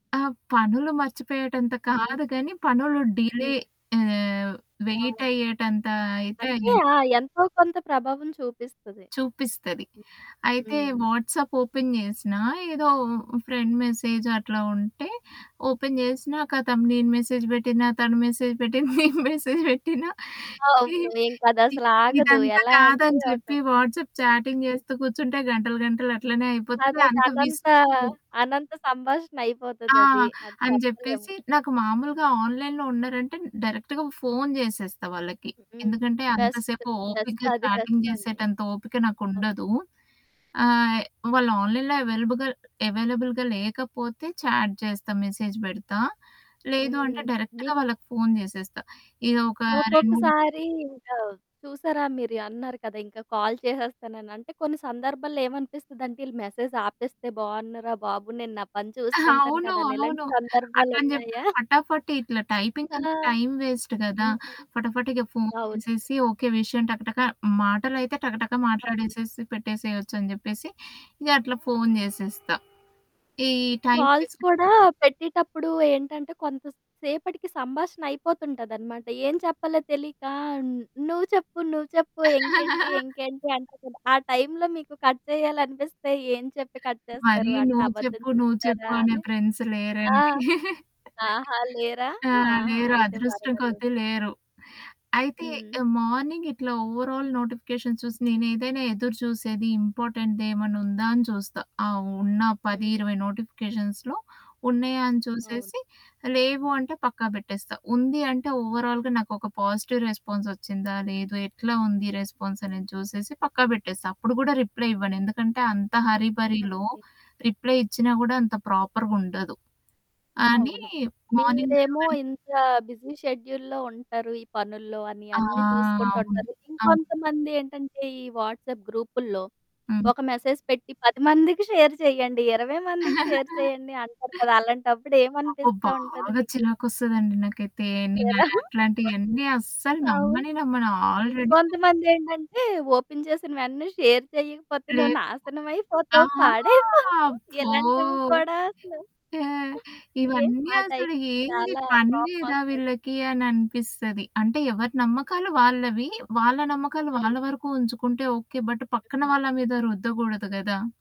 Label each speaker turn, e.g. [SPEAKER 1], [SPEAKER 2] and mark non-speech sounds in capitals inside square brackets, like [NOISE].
[SPEAKER 1] ఆ! పనులు మర్చిపోయేటంత
[SPEAKER 2] హ్మ్.
[SPEAKER 1] కాదు గానీ, పనులు
[SPEAKER 2] హ్మ్.
[SPEAKER 1] డిలే ఆహ్,
[SPEAKER 2] ఆ!
[SPEAKER 1] వెయిట్ అయ్యేటంత అయితే
[SPEAKER 2] అంటే
[SPEAKER 1] అయింది.
[SPEAKER 2] ఆ! ఎంతో కొంత ప్రభావం చూపిస్తది.
[SPEAKER 1] చూపిస్తది.
[SPEAKER 2] హ్మ్.
[SPEAKER 1] అయితే
[SPEAKER 2] హ్మ్.
[SPEAKER 1] వాట్సప్ ఓపెన్ జేసినా, ఏదో ఫ్రెండ్ మెసేజ్ అట్లా ఉంటే, ఓపెన్ చేసినా ఖతం నేను మెసేజ్ పెట్టినా తను మెసేజ్ పెట్టిన నేను మెసేజ్ పెట్టినా
[SPEAKER 2] అవును.
[SPEAKER 1] ఇ
[SPEAKER 2] ఇంకదసలు ఆగదు.
[SPEAKER 1] ఇదంతా
[SPEAKER 2] ఎలా
[SPEAKER 1] కాదని
[SPEAKER 2] అంటే ఒక
[SPEAKER 1] చెప్పి. వాట్స్‌అప్ చాటింగ్ జేస్తూ కూర్చుంటే గంటలు గంటలు అట్లనే అయిపోతది.
[SPEAKER 2] అదొక
[SPEAKER 1] అంత
[SPEAKER 2] అనంత
[SPEAKER 1] విసుకు
[SPEAKER 2] అనంత సంభాషణ
[SPEAKER 1] ఆ!
[SPEAKER 2] అయిపోతదది. అది
[SPEAKER 1] అని
[SPEAKER 2] చెప్పలేము.
[SPEAKER 1] జెప్పేసి నాకు మామూలుగా ఆన్‌లైన్‌లో ఉన్నారంటే, డైరెక్ట్‌గా ఫోను చేసేస్తా వాళ్ళకి.
[SPEAKER 2] హ్మ్.
[SPEAKER 1] ఎందుకంటే
[SPEAKER 2] బెస్ట్.
[SPEAKER 1] అంతసేపు ఓపికగా
[SPEAKER 2] బెస్టది
[SPEAKER 1] చాటింగ్
[SPEAKER 2] బెస్టండి.
[SPEAKER 1] చేసేటంత ఓపిక
[SPEAKER 2] ఓహ్!
[SPEAKER 1] నాకుండదు. ఆహ్, వాళ్ళు ఆన్‌లైన్‌లో అవైలబుగల్ అవైలబుల్‌గా లేకపోతే చాట్ జేస్తా, మెసేజ్ పెడతా. లేదు అంటే
[SPEAKER 2] హ్మ్.
[SPEAKER 1] డైరెక్ట్‌గా
[SPEAKER 2] మీక్
[SPEAKER 1] వాళ్ళకి ఫోను చేసేస్తా. ఇదొక 2, 3
[SPEAKER 2] ఒక్కొక్కసారి ఇంకా చూసారా మీరు అన్నారు కదా! ఇంకా కాల్ చేసేస్తానని. అంటే కొన్ని సందర్భాల్లో ఏమనిపిస్తదంటే, ఈళ్ళు మెసేజ్ ఆపేస్తే బావున్నుర బాబు! నేను నా పని
[SPEAKER 1] [GIGGLES]
[SPEAKER 2] చూసుకుంటాను
[SPEAKER 1] అవును.
[SPEAKER 2] కదాని ఇలాంటి
[SPEAKER 1] అవును.
[SPEAKER 2] సందర్భాలు
[SPEAKER 1] అట్లని జెప్పి
[SPEAKER 2] ఉన్నాయా? [GIGGLES]
[SPEAKER 1] ఫటాఫట ఇట్లా టైపింగ్
[SPEAKER 2] ఆ!
[SPEAKER 1] అంత టైమ్ వేస్ట్ గదా!
[SPEAKER 2] హ్మ్.
[SPEAKER 1] ఫటాఫట ఇగ ఫోను
[SPEAKER 2] అవును.
[SPEAKER 1] చేసేసి, ఓకే విషయం టకటక మాటలైతే టకటక
[SPEAKER 2] అవును.
[SPEAKER 1] మాట్లాడేసేసి పెట్టేసేయొచ్చు అని జెప్పేసి ఇగ అట్లా ఫోను జేసేస్తా. ఈ టైమ్
[SPEAKER 2] కాల్స్
[SPEAKER 1] వేస్టనే
[SPEAKER 2] కూడా పెట్టేటప్పుడు ఏంటంటే, కొంత సేపటికి సంభాషణ అయిపోతుంటదనమాట. ఏం చెప్పాలో తెలీక నువ్వు చెప్పు, నువ్వు చెప్పు, ఇంకేంటి?
[SPEAKER 1] [CHUCKLES]
[SPEAKER 2] ఇంకేంటి? అంటే ఆ టైంలో మీకు కట్ చేయాలనిపిస్తే ఏం చెప్పి కట్ చేస్తారు?
[SPEAKER 1] మరీ
[SPEAKER 2] అంటే
[SPEAKER 1] నువ్వు
[SPEAKER 2] అబద్ధం
[SPEAKER 1] చెప్పు, నువ్వు చెప్పు
[SPEAKER 2] చెప్తారా
[SPEAKER 1] అనే
[SPEAKER 2] అని?
[SPEAKER 1] ఫ్రెండ్స్
[SPEAKER 2] ఆ!
[SPEAKER 1] లేరండి. [CHUCKLES]
[SPEAKER 2] ఆహా! లేరా.
[SPEAKER 1] ఆ!
[SPEAKER 2] ఆహా!
[SPEAKER 1] లేరు.
[SPEAKER 2] అయితే
[SPEAKER 1] అదృష్టంగొద్ది
[SPEAKER 2] పర్వాలేదు.
[SPEAKER 1] లేరు. అయితే
[SPEAKER 2] హ్మ్.
[SPEAKER 1] ఆహ్, మార్నింగ్ ఇట్లా ఓవరాల్ నోటిఫికేషన్స్ చూసి నేనేదైనా ఎదురు చూసేది ఇంపార్టెంట్ ఏమన్నా ఉందా అని చూస్తా. ఆ ఉన్న పది
[SPEAKER 2] హ్మ్.
[SPEAKER 1] ఇరవై నోటిఫికేషన్స్‌లో ఉన్నాయ? అని
[SPEAKER 2] అవును.
[SPEAKER 1] చూసేసి. లేవు అంటే పక్కా బెట్టేస్తా. ఉంది అంటే ఓవరాల్‌గా నాకొక పాజిటివ్ రెస్పాన్సొచ్చిందా? లేదు? ఎట్లా ఉంది రెస్పాన్సనేది చూసేసి పక్కా బెట్టేస్తా. అప్పుడు గూడా రిప్లై ఇవ్వను. ఎందుకంటే అంత హరి భరిలో
[SPEAKER 2] ఓకే.
[SPEAKER 1] రిప్లై ఇచ్చినా గూడా అంత ప్రాపర్‌గుండదు. అని
[SPEAKER 2] అవును.
[SPEAKER 1] మార్నింగ్
[SPEAKER 2] మీరేమో
[SPEAKER 1] లేవగానే
[SPEAKER 2] ఇంత బిజీ షెడ్యూల్‌లో ఉంటారు. ఈ పనుల్లో అని
[SPEAKER 1] ఆ!
[SPEAKER 2] అన్నీ చూసుకుంటూ
[SPEAKER 1] అవును.
[SPEAKER 2] ఉంటారు.
[SPEAKER 1] అవును.
[SPEAKER 2] ఇంకొంతమంది ఏంటంటే ఈ వాట్సప్ గ్రూపుల్లో.
[SPEAKER 1] హ్మ్.
[SPEAKER 2] ఒక మెసేజ్ పెట్టి 10 మందికి షేర్ చేయండి. 20 మందికి షేర్
[SPEAKER 1] [CHUCKLES]
[SPEAKER 2] చేయండి అంటారు కదా! అలాంటప్పుడు
[SPEAKER 1] అబ్బ!
[SPEAKER 2] ఏమనిపిస్తా ఉంటది
[SPEAKER 1] బాగా
[SPEAKER 2] మీకు?
[SPEAKER 1] చిరాకొస్తదండి నాకైతే. నేనా
[SPEAKER 2] చేరా
[SPEAKER 1] అట్లాంటి
[SPEAKER 2] [CHUCKLES]
[SPEAKER 1] యన్నీ అస్సలు
[SPEAKER 2] అవును.
[SPEAKER 1] నమ్మనే నమ్మను ఆల్రెడి
[SPEAKER 2] ఇంకొంతమందేంటంటే ఓపెన్ చేసినవెంటనే షేర్ చేయకపోతే నువ్వు
[SPEAKER 1] లేదు. ఆ!
[SPEAKER 2] నాశనమైపోతావు పాడైపోతావు.
[SPEAKER 1] ఫో
[SPEAKER 2] ఇలాంటివి కూడా
[SPEAKER 1] ఓకే,
[SPEAKER 2] అసలు. ఏ
[SPEAKER 1] ఇవన్నీ
[SPEAKER 2] ఆ టైం
[SPEAKER 1] అసలు ఏంది
[SPEAKER 2] చాలా
[SPEAKER 1] పని లేదా
[SPEAKER 2] కోపమోస్తది.
[SPEAKER 1] వీళ్ళకి అని అనిపిస్తది. అంటే ఎవరి నమ్మకాలు వాళ్ళవి. వాళ్ళ నమ్మకాలు
[SPEAKER 2] అవును.
[SPEAKER 1] వాళ్ళ వరకు ఉంచుకుంటే ఓకే. బట్ పక్కన
[SPEAKER 2] హుహు.
[SPEAKER 1] వాళ్ళ మీద రుద్దగూడదు గదా!